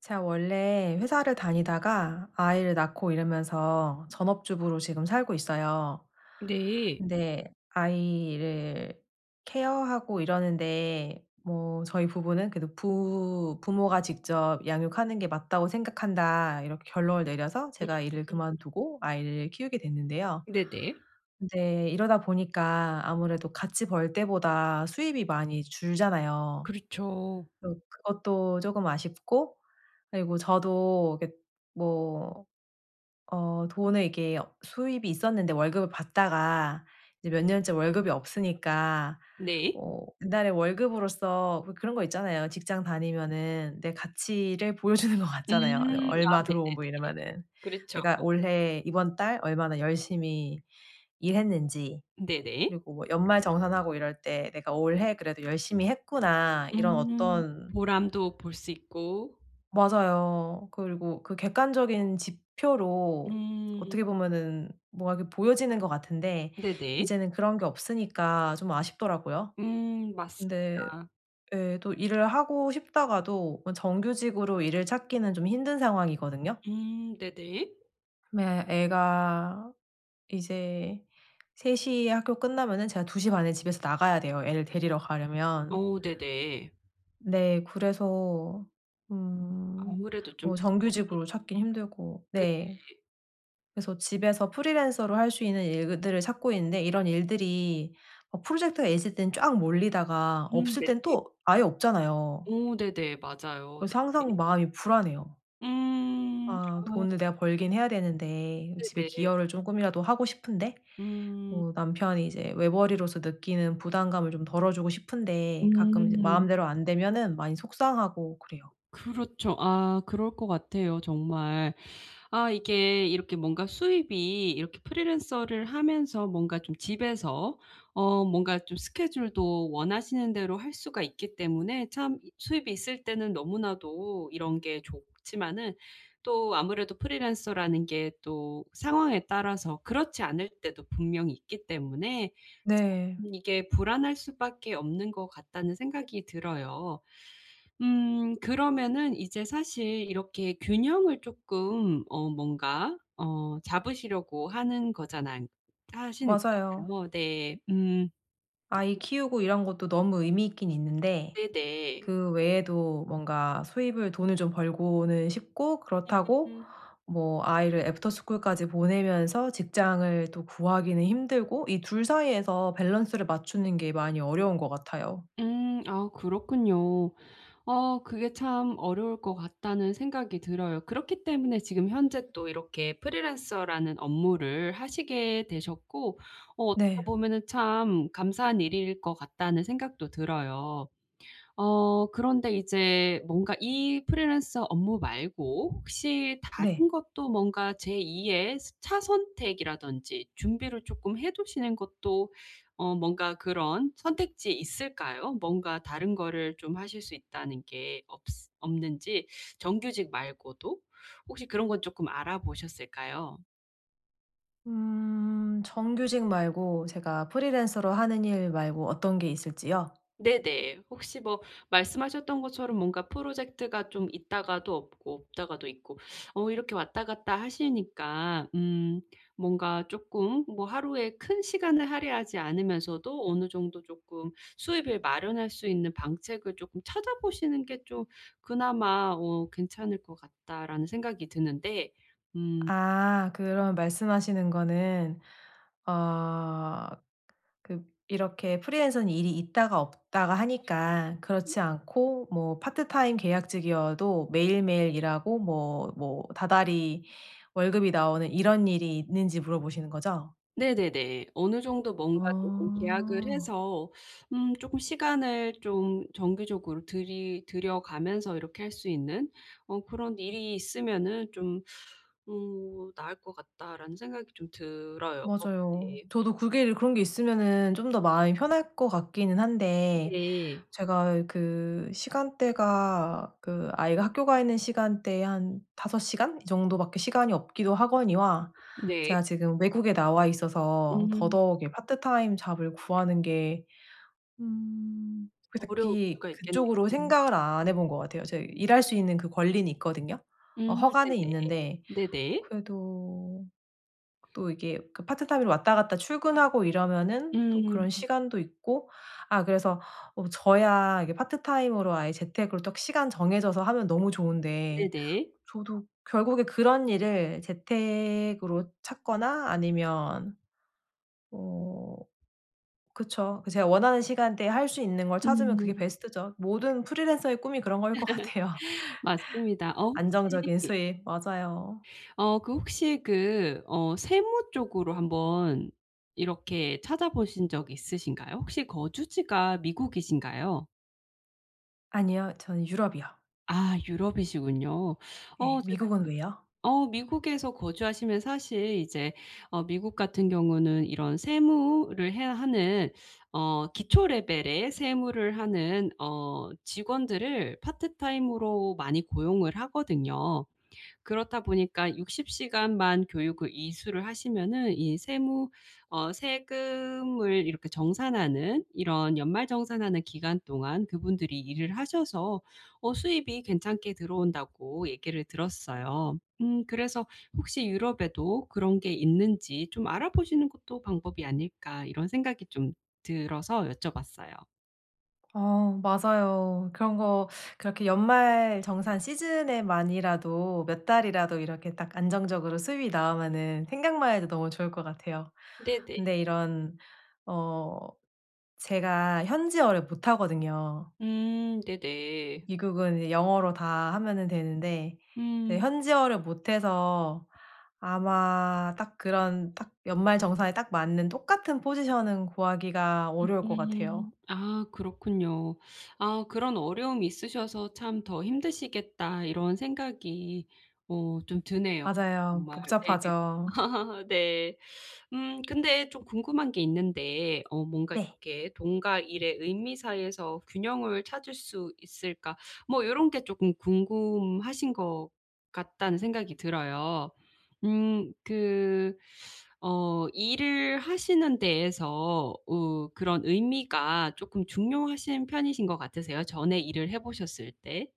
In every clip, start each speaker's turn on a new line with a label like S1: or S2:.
S1: 제가 원래 회사를 다니다가 아이를 낳고 이러면서 전업주부로 지금 살고 있어요.
S2: 네.
S1: 근데 아이를 케어하고 이러는데 뭐 저희 부부는 그래도 부 "부모가 직접 양육하는 게 맞다고 생각한다." 이렇게 결론을 내려서 제가
S2: 음음.
S1: 일을 그만두고 아이를 키우게 됐는데요.
S2: 네네.
S1: 근데 이러다 보니까 아무래도 같이 벌 때보다 수입이 많이 줄잖아요.
S2: 그렇죠.
S1: 또 그것도 쪼금 아쉽고 그리고 저도 이렇게 뭐 어 돈을 이렇게 수입이 있었는데 월급을 받다가 이제 몇 년째 월급이 없으니까
S2: 네.
S1: 어 이달의 월급으로서 뭐 그런 거 있잖아요. 직장 다니면은 내 가치를 보여 주는 것
S2: 음.
S1: 같잖아요. 네
S2: 아
S1: 얼마
S2: 네네네.
S1: 들어오고 뭐 이러면은
S2: 그렇죠.
S1: 내가 올해, 이번 달 얼마나 열심히 일했는지
S2: 네네.
S1: 그리고 뭐 연말정산하고 이럴 때 '내가 올해 그래도 열심히 했구나.' 이런
S2: 음
S1: 어떤
S2: 보람도 볼 수 있고.
S1: 맞아요. 그리고 그 객관적인 지표로
S2: 음.
S1: 어떻게 보면은 뭐가 이렇게 보여지는 것 같은데
S2: 네네.
S1: 이제는 그런 게 없으니까 좀 아쉽더라고요.
S2: 음
S1: 근데
S2: 맞습니다.
S1: 예 또 일을 하고 싶다가도 뭐 정규직으로 일을 찾기는 좀 힘든 상황이거든요.
S2: 음 네네.
S1: 네 애가 이제 3:00 에 학교 끝나면은 제가 2:30 에 집에서 나가야 돼요 애를 데리러 가려면.
S2: 오 네네.
S1: 네 그래서 음
S2: 아무래도 좀
S1: 뭐
S2: 시간이.
S1: 정규직으로 찾긴 힘들고
S2: 네.
S1: 네.
S2: 네.
S1: 그래서 집에서 프리랜서로 할 수 있는 일들을 찾고 있는데 이런 일들이 어 프로젝트가 있을 땐 쫙 몰리다가
S2: 음
S1: 없을
S2: 네.
S1: 땐 또 아예 없잖아요.
S2: 오 네네. 맞아요.
S1: 그래서 항상
S2: 네네.
S1: 마음이 불안해요.
S2: 음
S1: 아
S2: 아.
S1: 돈을 내가 벌긴 해야 되는데 음 집에
S2: 네네.
S1: 기여를 쪼끔이라도 하고 싶은데
S2: 음.
S1: 뭐 남편이 이제 외벌이로서 느끼는 부담감을 좀 덜어 주고 싶은데 가끔 이제
S2: 음.
S1: 마음대로 안 되면은 많이 속상하고 그래요.
S2: 그렇죠. 아 그럴 것 같아요 정말. 아 이게 이렇게 뭔가 수입이 이렇게 프리랜서를 하면서 뭔가 좀 집에서 어 뭔가 좀 스케줄도 원하시는 대로 할 수가 있기 때문에 참 수입이 있을 때는 너무나도 이런 게 좋지만은 또 아무래도 프리랜서라는 게 또 상황에 따라서 그렇지 않을 때도 분명히 있기 때문에
S1: 네.
S2: 참 이게 '불안할 수밖에 없는 것 같다.'는 생각이 들어요. 음 그러면은 이제 사실 이렇게 균형을 쪼끔 어 뭔가 어 잡으시려고 하는 거잖아 하시는
S1: 맞아요.
S2: 거잖아요. 네 음.
S1: 아이 키우고 이런 것도 너무 의미 있긴 있는데
S2: 네네.
S1: 그 외에도 뭔가 수입을 돈을 좀 벌고는 싶고 그렇다고
S2: [unintelligible]
S1: 뭐 아이를 애프터스쿨까지 보내면서 직장을 또 구하기는 힘들고. 이 2 사이에서 밸런스를 맞추는 게 많이 어려운 것 같아요.
S2: 음 아 그렇군요. 어 그게 참 '어려울 것 같다.'는 생각이 들어요. 그렇기 때문에 지금 현재 또 이렇게 프리랜서라는 업무를 하시게 되셨고 어 어떻게
S1: 네.
S2: 보면은 참 '감사한 일일 것 같다.'는 생각도 들어요. 어 그런데 이제 뭔가 이 프리랜서 업무 말고 혹시
S1: 네.
S2: 다른 것도 뭔가 제2의 스 차선책 이라든지. 준비를 쪼끔 해 두시는 것도 어 뭔가 그런 선택지에 있을까요? 뭔가 다른 거를 좀 하실 수 있다는 게 없스 없는지 정규직 말고도? 혹시 그런 건 쪼끔 알아보셨을까요?
S1: 음. 정규직 말고 제가 프리랜서로 하는 일 말고 어떤 게 있을지요?
S2: 네네. 혹시 뭐 말씀하셨던 것처럼 뭔가 프로젝트가 좀 있다가도 없고 없다가도 있고 어 이렇게 왔다 갔다 하시니까 음 뭔가 쪼끔 뭐 '하루에 큰 시간을 할애하지 않으면서도 어느 정도 쪼끔 수입을 마련할 수 있는 방책을 쪼끔 찾아보시는 게 좀 그나마 어 괜찮을 것 같다.'라는 생각이 드는데. 음.
S1: 아. 그럼 말씀하시는 거는 어 그 그 이렇게 프리랜서는 일이 있다가 없다가 하니까
S2: 음.
S1: 그렇지 않고 뭐 파트타임 계약직이어도 매일매일 일하고 뭐 뭐 다달이 월급이 나오는 이런 일이 있는지 물어보시는 거죠?
S2: 네네네. 어느 정도 뭔가 쪼끔 '계약을
S1: 아.
S2: 해서 음 쪼끔 시간을 좀 정기적으로 들이 들여가면서 이렇게 할 수 있는 어 그런 일이 있으면은 좀 어 나을 것 같다.'라는 생각이 좀 들어요. 어
S1: 맞아요.
S2: 네.
S1: 저도 그게를 그런 게 있으면은 좀 더 마음이 편할 것 같기는 한데
S2: 네.
S1: 제가 그 시간대가 그 아이가 학교 가 있는 시간대에 한 5 시간 이 정도밖에 시간이 없기도 하거니와
S2: 네.
S1: 제가 지금 외국에 나와 있어서
S2: 음.
S1: 더더욱 이 part time job을 구하는 게 음
S2: 어려울
S1: 그닥히
S2: 수가 있겠네요.
S1: 그쪽으로 생각을 안 해 본 것 같아요. 제 이 일할 수 있는 그 권리는 있거든요. 어
S2: 음.
S1: 허가는
S2: 네네.
S1: 있는데
S2: 네네.
S1: 그래도 또 이게 그 파트타임으로 왔다 갔다 출근하고 이러면은 또
S2: 음.
S1: 그런 시간도 있고 아 그래서 어 뭐 저야 이게 파트타임으로, 아예 재택으로 딱 시간 정해져서 하면 너무 좋은데
S2: 네네.
S1: 저도 결국에 그런 일을 재택으로 찾거나 아니면 어. 그쵸. 그 제가 원하는 시간대에 할 수 있는 걸 찾으면 그게
S2: 음.
S1: 베스트죠. 모든 프리랜서의 꿈이 그런 거일 것 같아요.
S2: 맞습니다. 어
S1: 안정적인
S2: 혹시
S1: 수입. 맞아요.
S2: 어 그 혹시 그 어 세무 쪽으로 한번 이렇게 찾아보신 적 있으신가요? 혹시 거주지가 미국이신가요?
S1: 아니요. 저는 유럽이요.
S2: 아 유럽이시군요.
S1: 네
S2: 어 제가
S1: 미국은 왜요?
S2: 어 미국에서 거주하시면 사실 이제 어 미국 같은 경우는 이런 세무를 해야 하는 어 기초 레벨의 세무를 하는 어 직원들을 파트타임으로 많이 고용을 하거든요. 그렇다 보니까 60 시간만 교육을 이수를 하시면은 이 세무 어 세금을 이렇게 정산하는 이런 연말 정산하는 기간 동안 그분들이 일을 하셔서 어 "수입이 괜찮게 들어온다."고 얘기를 들었어요. 음 그래서 혹시 유럽에도 그런 게 있는지 '좀 알아보시는 것도 방법이 아닐까?' 이런 생각이 좀 들어서 여쭤봤어요.
S1: 어 맞아요. 그런 거 그렇게 연말 정산 시즌에만이라도 몇 달이라도 이렇게 딱 안정적으로 수입이 나오면은 생각만 해도 너무 좋을 것 같아요.
S2: 네네.
S1: 근데 이런 어 제가 현지어를 못하거든요.
S2: 음. 네네.
S1: 미국은 이 영어로 다 하면은 되는데 네
S2: 음.
S1: 현지어를 못해서 아마 딱 그런 딱 연말 정산에 딱 맞는 똑같은 포지션은 구하기가 어려울 것
S2: 음음.
S1: 같아요.
S2: 아 그렇군요. 아 그런 어려움이 있으셔서 참 '더 힘드시겠다.' 이런 생각이 오 좀 드네요.
S1: 맞아요.
S2: 정말. 네네.
S1: 복잡하죠.
S2: 네. 음 근데 좀 궁금한 게 있는데 어 뭔가
S1: 네.
S2: 이렇게 "돈과 일의 의미 사이에서 균형을 찾을 수 있을까?" 뭐 '요런 게 조금 궁금하신 것 같다.'는 생각이 들어요. 음 그 어 일을 하시는 데에서 으 그런 의미가 조금 중요하신 편이신 것 같으세요? 전에 일을 해 보셨을 때?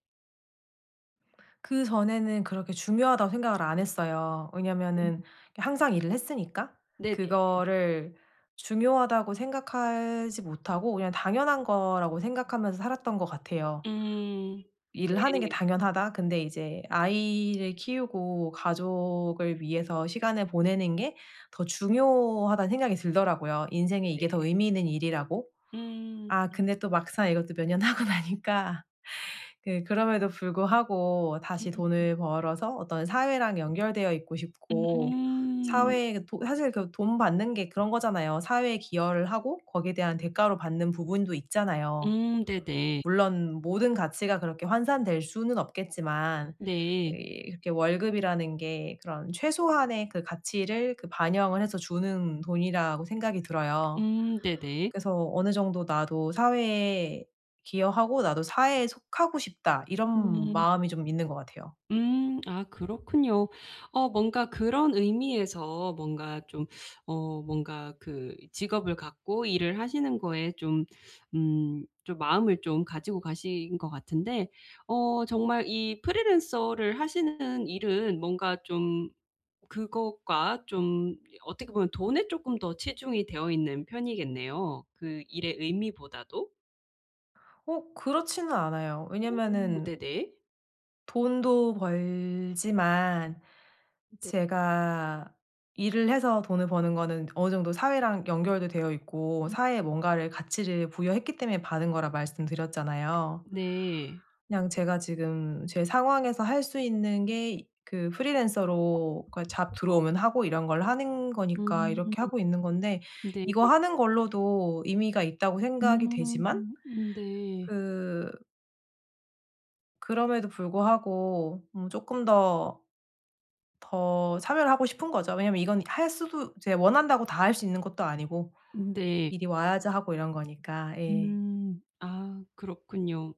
S1: 그전에는 그렇게 중요하다고 생각을 안 했어요. 왜냐하면은 항상 일을 했으니까.
S2: 네네.
S1: 그거를 중요하다고 생각하지 못하고 그냥 ‘당연한 거.‘라고 생각하면서 살았던 것 같아요.
S2: 음.
S1: 일을 하는 게
S2: 네.
S1: 당연하다. 근데 이제 '아이를 키우고 가족을 위해서 시간을 보내는 게 더 중요하다.‘는 생각이 들더라고요. 인생에 이게 더
S2: 네네.
S1: 의미 있는 일이라고.
S2: 음.
S1: 아
S2: 음.
S1: 근데 또 막상 이것도 몇 년 하고 나니까 그 그럼에도 불구하고
S2: 음.
S1: 다시
S2: 음.
S1: 돈을 벌어서 어떤 사회랑 연결되어 있고 싶고
S2: 음.
S1: 사회에도 사실 그 돈 받는 게 그런 거잖아요. 사회에 기여를 하고 거기에 대한 대가로 받는 부분도 있잖아요.
S2: 음 네네.
S1: 물론 모든 가치가 그렇게 환산될 수는 없겠지만
S2: 네.
S1: 이렇게 월급이라는 게 그런 최소한의 그 가치를 그 반영을 해서 주는 돈이라고 생각이 들어요.
S2: 음 네네.
S1: 그래서 ‘어느 정도 나도 사회에 기여하고 나도 사회에 속하고 싶다.‘ 이런
S2: 음.
S1: 마음이 좀 있는 것 같아요.
S2: 음 아 그렇군요. 어 뭔가 그런 의미에서 뭔가 좀 어 뭔가 그 직업을 갖고 일을 하시는 거에 좀 음 좀 마음을 좀 가지고 가신 것 같은데 어 정말 이 프리랜서를 하시는 일은 뭔가 좀 그것과 좀 어떻게 보면 돈에 쪼끔 더 치중이 되어있는 편이겠네요 그 일의 의미보다도.
S1: 어. 그렇지는 않아요.
S2: 오.
S1: 왜냐하면은
S2: 네네.
S1: 돈도 벌지만
S2: 네.
S1: 제가 일을 해서 돈을 버는 거는 어느 정도 사회랑 연결도 되어 있고 사회에
S2: [unintelligible]
S1: 뭔가를, 가치를 부여했기 때문에 받은 거라 말씀드렸잖아요.
S2: 네.
S1: 그냥 제가 지금 제 상황에서 할 수 있는 게 그 프리랜서로 그 어 잡
S2: [unintelligible]
S1: 들어오면 하고 이런 걸 하는 거니까
S2: 음.
S1: 이렇게 하고 있는 건데
S2: 네.
S1: '이거 하는 걸로도 의미가 있다.'고 생각이
S2: 음.
S1: 되지만
S2: 음 네.
S1: 그 그럼에도 불구하고 뭐 쪼끔 더 더 참여를 하고 싶은 거죠. 왜냐하면 이건 할 수도 이제 원한다고 다 할 수 있는 것도 아니고
S2: 네.
S1: 일이 와야지 하고 이런 거니까. 예.
S2: 음. 아. 그렇군요.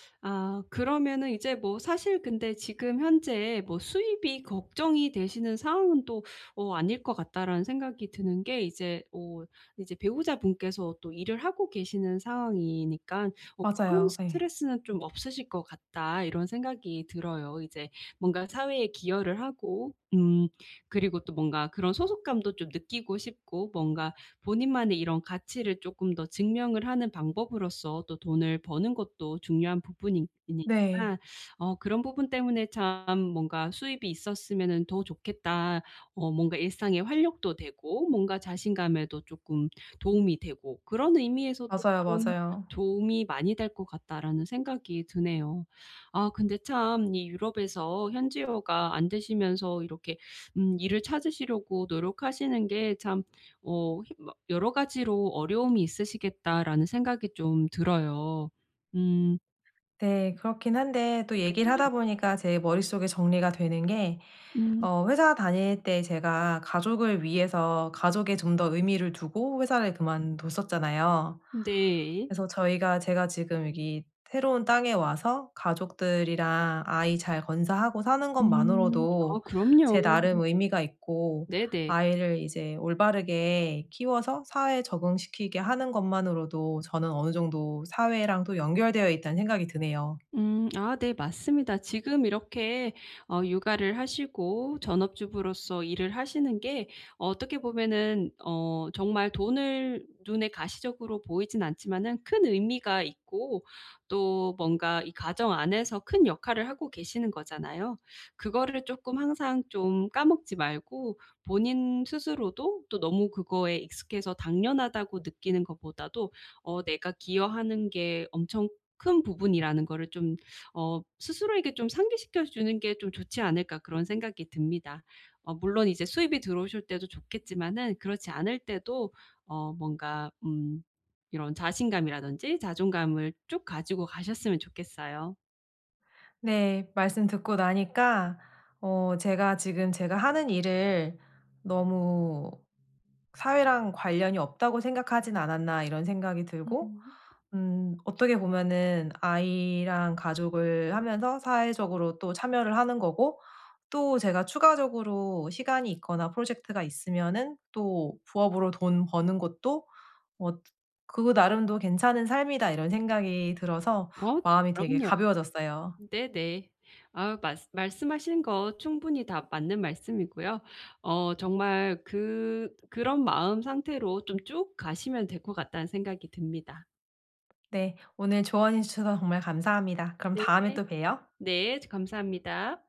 S2: 아. 그러면은 이제 뭐 사실 근데 지금 현재 뭐 '수입이 걱정이 되시는 상황은 또 어 아닐 것 같다.'라는 생각이 드는 게 이제 어 이제 '배우자분께서 또 일을 하고 계시는 상황이니까 뭐 그런
S1: 맞아요. 예.
S2: 스트레스는 좀 없으실 것 같다.' 이런 생각이 들어요. 이제 뭔가 사회에 기여를 하고 음 그리고 또 뭔가 그런 소속감도 좀 느끼고 싶고 뭔가 본인만의 이런 가치를 쪼끔 더 증명을 하는 방법으로써 또 돈을 버는 것도 중요한 부분이니
S1: 네.
S2: 이니까 어 그런 부분 때문에 참 뭔가 수입이 있었으면은 더 좋겠다. 어 뭔가 일상의 활력도 되고 뭔가 자신감에도 쪼끔 도움이 되고 그런 의미에서도
S1: 맞아요,
S2: '참
S1: 맞아요.
S2: 도움이 많이 될 것 같다.'라는 생각이 드네요. 아 근데 참 이 유럽에서 현지어가 안 되시면서 이렇게 음 일을 찾으시려고 노력하시는 게 참 어 힘 막 '여러 가지로 어려움이 있으시겠다.'라는 생각이 좀 들어요. 음.
S1: 네. 그렇긴 한데 또 얘기를 하다
S2: 네네.
S1: 보니까 제 머릿속에 정리가 되는게
S2: 음.
S1: 어 회사 다닐 때 제가 가족을 위해서 가족에 좀 더 의미를 두고 회사를 그만뒀었잖아요.
S2: 네.
S1: 그래서 저희가 제가 지금 여기 새로운 땅에 와서 가족들이랑 아이 잘 건사하고 사는
S2: 음. 아우
S1: 것만으로도
S2: 그럼요.
S1: 제 나름 의미가 있고
S2: 네네.
S1: 아이를 이제 올바르게 키워서 사회에 적응시키게 하는 것만으로도 저는 어느 정도 사회랑 또 연결되어 있다는 생각이 드네요.
S2: 음. 아 네. 맞습니다. 지금 이렇게 어 육아를 하시고 전업주부로서 일을 하시는 게 어떻게 보면은 어 정말 돈을 눈에 가시적으로 보이진 않지만은 큰 의미가 있고 또 뭔가 이 가정 안에서 큰 역할을 하고 계시는 거잖아요. 그거를 쪼끔 항상 좀 까먹지 말고 본인 스스로도 또 너무 그거에 익숙해서 '당연하다.'고 느끼는 것보다도 어 '내가 기여하는 게 엄청 큰 부분이라는 거를 좀 어 스스로에게 좀 상기시켜 주는 게 좀 좋지 않을까.' 그런 생각이 듭니다. 어 물론 이제 수입이 들어오실 때도 좋겠지만은 그렇지 않을 때도 어 뭔가 음. 이런 자신감이라든지 자존감을 쭉 가지고 가셨으면 좋겠어요.
S1: 네. 말씀 듣고 나니까 어 제가 '지금 제가 하는 일을 너무 사회랑 관련이 없다고 생각하진 않았나.' 이런 생각이 들고
S2: 음.
S1: 음. 어떻게 보면은 아이랑 가족을 하면서 사회적으로 또 참여를 하는 거고 또 제가 추가적으로 시간이 있거나 프로젝트가 있으면은 또 부업으로 돈 버는 것도 어 '그 나름도 괜찮은 삶이다.' 이런 생각이 들어서
S2: 어 네.
S1: 마음이 되게
S2: 그럼요.
S1: 가벼워졌어요.
S2: 네네. 아우 말씀 말씀하시는 거 충분히 다 맞는 말씀이고요. 어 정말 그 '그런 마음 상태로 좀 쭉 가시면 될 것 같다.'는 생각이 듭니다.
S1: 네. 오늘 조언해 주셔서 정말 감사합니다. 그럼
S2: 네.
S1: 다음에 또 봬요.
S2: 네. 즈 감사합니다.